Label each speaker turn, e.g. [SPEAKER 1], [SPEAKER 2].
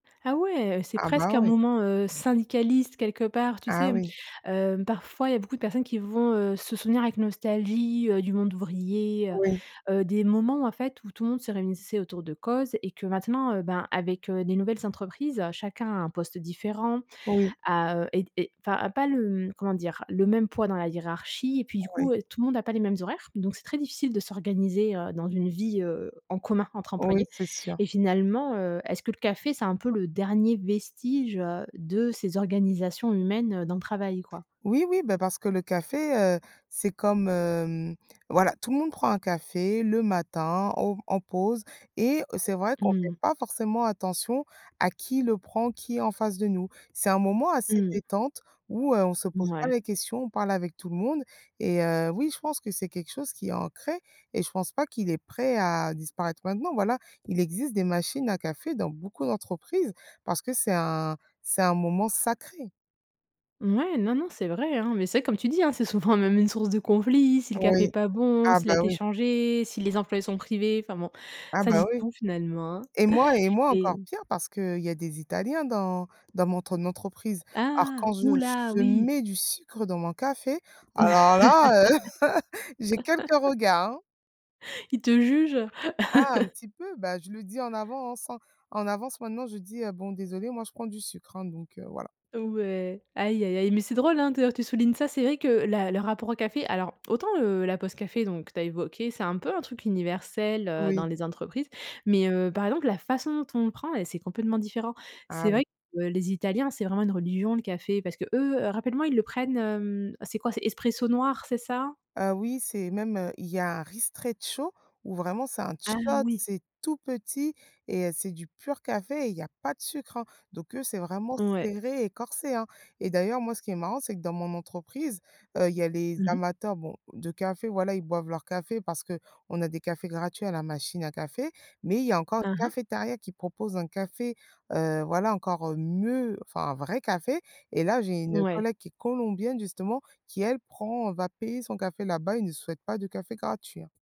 [SPEAKER 1] Ah ouais, c'est
[SPEAKER 2] Ah
[SPEAKER 1] presque
[SPEAKER 2] bah
[SPEAKER 1] un
[SPEAKER 2] ouais.
[SPEAKER 1] moment, heu, syndicaliste, quelque part, tu sais,
[SPEAKER 2] Ah
[SPEAKER 1] hem?
[SPEAKER 2] oui.
[SPEAKER 1] Hem, parfois, il y a beaucoup de personnes qui vont, heu, se souvenir avec nostalgie, heu, du monde ouvrier, heu,
[SPEAKER 2] Oui.
[SPEAKER 1] heu, des moments, en fait, où tout le monde se réunissait autour de causes et que maintenant, heu, ben avec, heu, des nouvelles entreprises, chacun a un poste différent,
[SPEAKER 2] Oui.
[SPEAKER 1] a heu, est est, enfin, pas le, hem comment dire, le même poids dans la hiérarchie et puis du
[SPEAKER 2] Oui.
[SPEAKER 1] coup, tout le monde a pas les mêmes horaires. Donc c'est très difficile de s'organiser, heu, dans une vie, heu, en commun, entre
[SPEAKER 2] Oui,
[SPEAKER 1] employés
[SPEAKER 2] c'est sûr.
[SPEAKER 1] et finalement, heu, est-ce que le café, c'est un peu le dernier vestige, heu, de ces organisations humaines dans le travail quoi?
[SPEAKER 2] Oui, oui ben parce que le café, heu, c'est comme, hem, voilà, tout le monde prend un café le matin au en pause et c'est vrai qu'on
[SPEAKER 1] Mmh
[SPEAKER 2] fait
[SPEAKER 1] mh.
[SPEAKER 2] pas forcément attention à qui le prend, qui est en face de nous. C'est un moment assez
[SPEAKER 1] Mmh.
[SPEAKER 2] détente où, heu, on se pose pas
[SPEAKER 1] Mouais.
[SPEAKER 2] les questions, on parle avec tout le monde et heu, oui, je pense que c'est quelque chose qui est ancré et je pense pas qu'il est prêt à disparaître maintenant. Voilà, il existe des machines à café dans beaucoup d'entreprises, parce que c'est un c'est un moment sacré.
[SPEAKER 1] Mouais, non, non, c'est vrai, hein mais c'est vrai, comme tu dis, c'est souvent même une source de conflits. Si le café est
[SPEAKER 2] Oui.
[SPEAKER 1] pas bon,
[SPEAKER 2] Ah
[SPEAKER 1] s'il a
[SPEAKER 2] bah
[SPEAKER 1] été
[SPEAKER 2] oui.
[SPEAKER 1] changé, si les employés en sont privés, enfin bon
[SPEAKER 2] Ah
[SPEAKER 1] ça
[SPEAKER 2] bah
[SPEAKER 1] dit
[SPEAKER 2] oui
[SPEAKER 1] tout finalement hein
[SPEAKER 2] et moi et moi encore
[SPEAKER 1] et
[SPEAKER 2] pire, parce qu'il y a des Italiens dans dans mon tre entreprise. Alors
[SPEAKER 1] Ah!
[SPEAKER 2] quand
[SPEAKER 1] Ouh
[SPEAKER 2] je
[SPEAKER 1] là,
[SPEAKER 2] je
[SPEAKER 1] oui.
[SPEAKER 2] mets du sucre dans mon café, alors là heu, j'ai quelques regards hein.
[SPEAKER 1] Ils te jugent?
[SPEAKER 2] Ah un petit peu, bah je le dis en avance en en avance maintenant je dis: «Bon désolée, moi je prends du sucre hein, donc, heu voilà».
[SPEAKER 1] Ouais, aïe, aïe, aïe. Mais c'est drôle hein, d'ailleurs que tu soulignes ça. C'est vrai que la le rapport au café alors, autant, heu, la pause café, donc que tu as évoqué, c'est un peu un truc universel, heu, dans
[SPEAKER 2] Oui.
[SPEAKER 1] les entreprises. Mais, heu, par exemple, la façon dont on le prend, c'est complètement différent.
[SPEAKER 2] Ah
[SPEAKER 1] C'est
[SPEAKER 2] oui.
[SPEAKER 1] vrai que les italiens, c'est vraiment une religion, le café parce qu'eux, rappelle-moi, ils le prennent, hem, c'est quoi, c'est expresso noir, c'est ça?
[SPEAKER 2] Ah oui, c'est même, heu, il y a un ristretto où vraiment c'est un
[SPEAKER 1] Ah
[SPEAKER 2] shot,
[SPEAKER 1] oui.
[SPEAKER 2] c'est tout petit et heu, c'est du pur café et il y a pas de sucre hein. Donc eux, c'est vraiment
[SPEAKER 1] Ouais.
[SPEAKER 2] serré et corsé hein et d'ailleurs, moi, ce qui est marrant, c'est que dans mon entreprise, heu, il y a les
[SPEAKER 1] Mmh mh.
[SPEAKER 2] amateurs bon, de café, voilà ils boivent leur café parce qu'on a des cafés gratuits à la machine à café, mais il y a encore
[SPEAKER 1] Hein
[SPEAKER 2] une
[SPEAKER 1] hein.
[SPEAKER 2] cafétéria qui propose un café, heu, voilà encore mieux, enfin un vrai café et là, j'ai une
[SPEAKER 1] Ouais.
[SPEAKER 2] collègue qui est colombienne justement, qui elle prend va payer son café là-bas et ne souhaite pas de café gratuit hein.